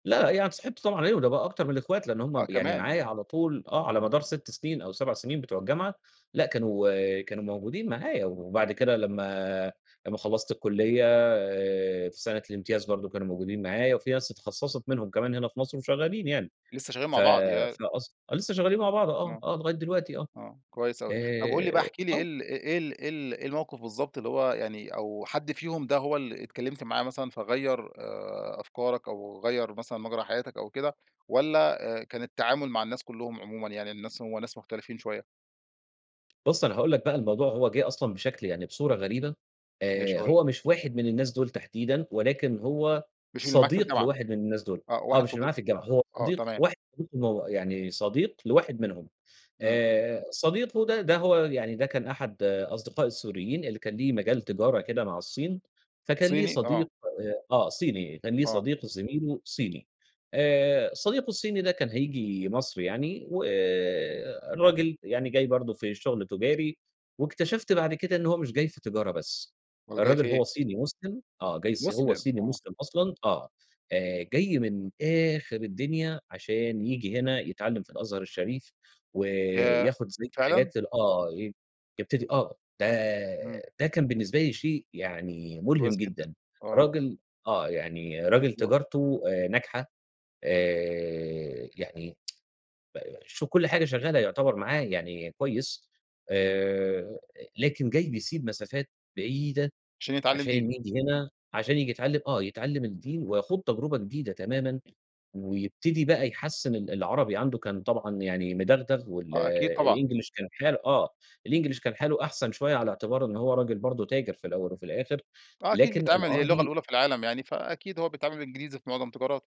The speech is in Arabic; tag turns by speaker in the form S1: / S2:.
S1: لأ يعني اتصاحبت طبعًا عليه، وده بقى أكتر من الأخوات لإن هُم
S2: آه
S1: ب يعني
S2: كمان!
S1: معايا
S2: آه.
S1: على طول، آه على مدار 6 سنين أو 7 سنين بتوع الجامعة، لأ كانوا كانوا موجودين معايا،
S2: امم.
S1: وبعد كده لمّا لمّا خلّصت الكلية آآ في سنة الامتياز برضو كانوا موجودين معايا، وفي ناس اتخصّصت منهم كمان هنا في مصر وشغّالين يعني،
S2: لسه شغّال
S1: ف
S2: مع بعض يا
S1: فأص لسه شغّالين مع بعض، آه
S2: آه.
S1: آه، لغاية دلوقتي آه،
S2: آه كويس أوي، طب قُل لي بقى
S1: آآ
S2: احكِ لي إيه
S1: آه.
S2: ال إ إيه ال إيه ال إيه الموقف بالضبط اللي هو يعني، أو حد فيهم ده هو اللي اتكلمت معاه مثلًا فغيّر آآ، أفكارك أو غيّر مثلًا مَجرى حياتك أو كده، والّا آآ، كان التعامل مع الناس كلّهم عمومًا يعني الناس هو ناس مختلفين شوية؟
S1: بُصّ أنا هاقول لك بقى الموضوع هو جه أصلًا بشكل يعني بصورة غريبة،
S2: ماشي
S1: آآ،
S2: قُل لي.
S1: هو مش واحد من الناس دول تحديدًا، ولكن هو
S2: مش اللي معاك في
S1: صديق
S2: الجامعة،
S1: لواحد من الناس دول،
S2: آه
S1: آه،
S2: واحد
S1: مش اللي
S2: صدي
S1: معايا في الجامعة، هو
S2: آه،
S1: صديق
S2: تمام.
S1: واحد [unintelligible] يعني، صديق لواحد منهم،
S2: إمم.
S1: آآ، صديقه ده، ده هو يعني ده كان أحد أصدقائي السوريين اللي كان ليه مجال تجارة كده مع الصين، فكان ليه
S2: صيني؟
S1: صديق
S2: آه.
S1: آآ، آه صيني، كان ليه
S2: آه.
S1: صديق زميله صيني، آآ، صديقه الصيني ده كان هييجي مصر يعني، والراجل يعني جاي برضو في الشغل تجاري، واكتشفت بعد كده إن هو مش جاي في تجارة بس،
S2: أومال جاي في
S1: الراجل
S2: إيه؟
S1: هو صيني مسلم آه، جاي الصي هو
S2: مسلم!
S1: صيني
S2: آه.
S1: مسلم أصلًا آه، آآ، جاي من آخر الدنيا عشان ييجي هنا يتعلّم في الأزهر الشريف،
S2: ياه!
S1: وياخد زي
S2: فعلًا؟
S1: حاجات ال آه، ي يبتدي آه، ده
S2: إمم.
S1: ده كان بالنسبة لي شيء يعني مُلهم
S2: كويس جدًا،
S1: جدًا،
S2: آه.
S1: راجل آه يعني راجل
S2: أ
S1: تجارته آآ، ناجحة آآ، يعني ب شوف كُلّ حاجة شغّالة يعتبر معاه يعني كويس، آآ، لكن جاي بيسيب مسافات بعيدة،
S2: عشان يتعلم دين.
S1: عشان ييجي هنا عشان ييجي يتعلّم آه، يتعلّم الدين ويخوض تجربة جديدة تمامًا، ويبتدي بقى يحسّن ال العربي عنده كان طبعًا يعني مدغدغ وال
S2: آه أكيد طبعًا.
S1: الإنجليش كان حال آه الإنجليش كان حاله أحسن شوية على اعتبار إنّ هو راجل برضو تاجر في الأوّل وفي الآخر،
S2: آه، أكيد
S1: لكن
S2: بيتعامل هي اللغة
S1: العربي
S2: الأولى في العالم يعني فأكيد هو بيتعامل بالإنجليزي في معظم تجاراته.